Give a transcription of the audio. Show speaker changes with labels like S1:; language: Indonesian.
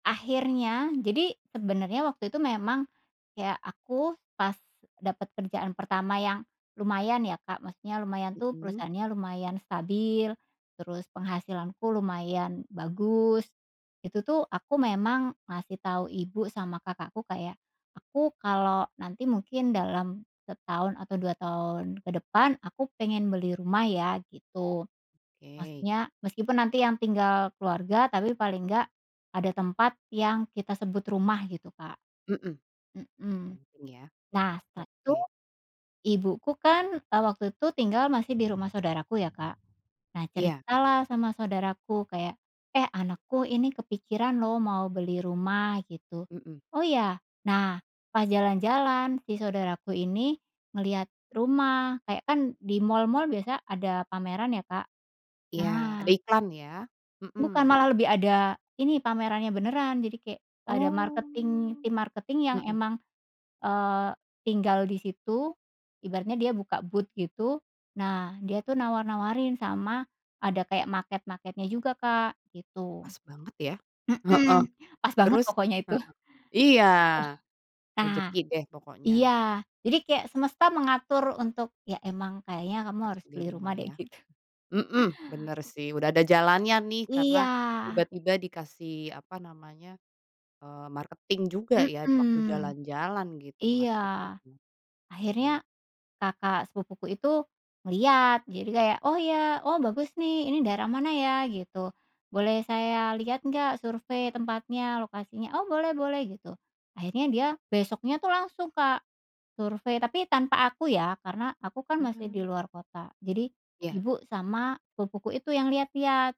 S1: Akhirnya, jadi sebenarnya waktu itu memang, ya aku pas dapat kerjaan pertama yang lumayan ya, Kak. Maksudnya lumayan tuh
S2: Mhm.
S1: perusahaannya lumayan stabil, terus penghasilanku lumayan bagus. Itu tuh aku memang ngasih tahu ibu sama kakakku kayak, "Aku kalau nanti mungkin dalam setahun atau 2 tahun ke depan aku pengen beli rumah ya." Gitu.
S2: Oke.
S1: Maksudnya meskipun nanti yang tinggal keluarga tapi paling nggak ada tempat yang kita sebut rumah gitu, Kak.
S2: Mhm.
S1: Mhm.
S2: Penting ya.
S1: Nah setelah itu,
S2: Oke.
S1: ibuku kan, eee, waktu itu tinggal masih di rumah saudaraku ya, Kak. Nah
S2: Iya.
S1: cerita lah sama saudaraku kayak, "Eh, anakku ini kepikiran lo mau beli rumah." Gitu.
S2: Mhm.
S1: "Oh, ya?" Nah, pas jalan-jalan si saudaraku ini ngelihat rumah kayak kan di mall-mall biasa ada pameran ya, Kak.
S2: Ya, ada
S1: Nah
S2: iklan ya.
S1: Bukan,
S2: Mhm.
S1: malah lebih ada, ini pamerannya beneran jadi kayak ada marketing
S2: Oh,
S1: tim marketing yang
S2: mhm.
S1: emang, eee, tinggal di situ ibaratnya dia buka booth gitu. Nah dia tuh nawar-nawarin sama ada kayak maket-maketnya juga, Kak, gitu.
S2: Pas banget ya. Heeh,
S1: Mhm, pas banget
S2: terus
S1: pokoknya itu.
S2: heeh, iya,
S1: Eh, nah,
S2: rezeki deh pokoknya.
S1: iya. Jadi kayak semesta mengatur untuk ya emang kayaknya kamu
S2: Harus
S1: harus
S2: beli
S1: beli rumah
S2: rumah
S1: deh
S2: ya.
S1: gitu.
S2: Mhm, benar sih udah ada jalannya nih karena
S1: Iya.
S2: tiba-tiba dikasih apa namanya, eee, marketing juga ya waktu
S1: Mhm,
S2: jalan-jalan gitu,
S1: iya.
S2: marketing rumah. Oke.
S1: Akhirnya kakak sepupuku itu ngelihat, jadi kayak, "Oh, ya, oh, bagus nih ini daerah mana ya?" Gitu, "Boleh saya lihat nggak survei, tempatnya, lokasinya?" "Oh, boleh-boleh." Gitu. Akhirnya dia besoknya tuh langsung, Kak, survei. Tapi tanpa aku ya, karena aku kan masih di
S2: Mmm.
S1: luar kota, jadi
S2: Ya.
S1: ibu sama sepupuku itu yang lihat-lihat.